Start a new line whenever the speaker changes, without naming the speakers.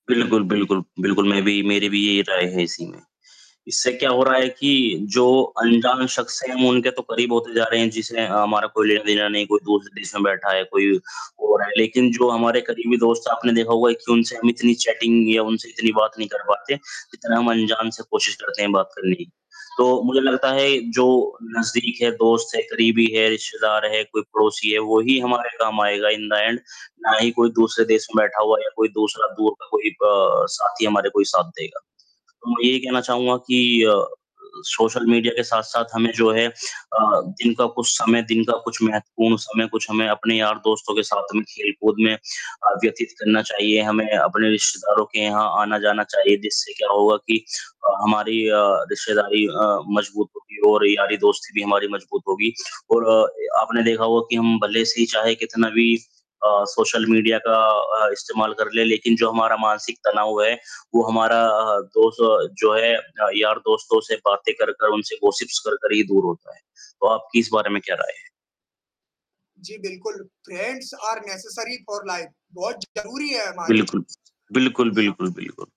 बिल्कुल, बिल्कुल, बिल्कुल, मैं भी मेरी भी यही राय है इसी में। इससे क्या हो रहा है कि जो अनजान शख़्स हैं हम उनके तो करीब होते जा रहे हैं जिसे हमारा कोई लेना-देना नहीं, कोई दूसरे देश में बैठा है, कोई और है लेकिन जो हमारे करीबी दोस्त है, आपने देखा होगा कि उनसे हम इतनी चैटिंग या उनसे इतनी बात नहीं कर पाते, जितना हम अनजान से कोशिश करते हैं बात करने की। तो मुझे लगता है जो नज़दीक है, दोस्त है, करीबी है, रिश्तेदार है, कोई पड़ोसी है, वो ही हमारे काम आएगा इन द एंड, ना ही कोई दूसरे देश में बैठा हुआ या कोई दूसरा दूर का कोई प साथी हमारे कोई साथ देगा। तो मैं ये कहना चाहूँगा कि अ, सोशल मीडिया के साथ-साथ हमें जो है अ, दिन का कुछ समय दिन का कुछ महत्वपूर्ण समय कुछ हमें अपने यार-दोस्तों के साथ में खेल-कूद में अ, व्यतीत करना चाहिए। हमें अपने रिश्तेदारों के यहाँ आना-जाना चाहिए जिससे क्या होगा कि अ, हमारी अ, रिश्तेदारी अ, मज़बूत होगी और यारी-दोस्ती भी हमारी मज़बूत होगी। और अ, ए आपने देखा होगा कि हम भले से ही चाहे कितना भी अ, सोशल मीडिया का अ, इस्तेमाल कर ले लेकिन जो हमारा मानसिक तनाव है, वो हमारा अ, दोस्त जो है था यार-दोस्तों से बातें करकर उनसे गॉसिप्स करकर ही दूर होता है। तो आपकी इस बारे में क्या राय है?
जी, बिल्कुल, friends are necessary for life बहुत ज़रूरी है हमारे
बिल्कुल। बिल्कुल,
दुनिया
बिल्कुल, बिल्कुल।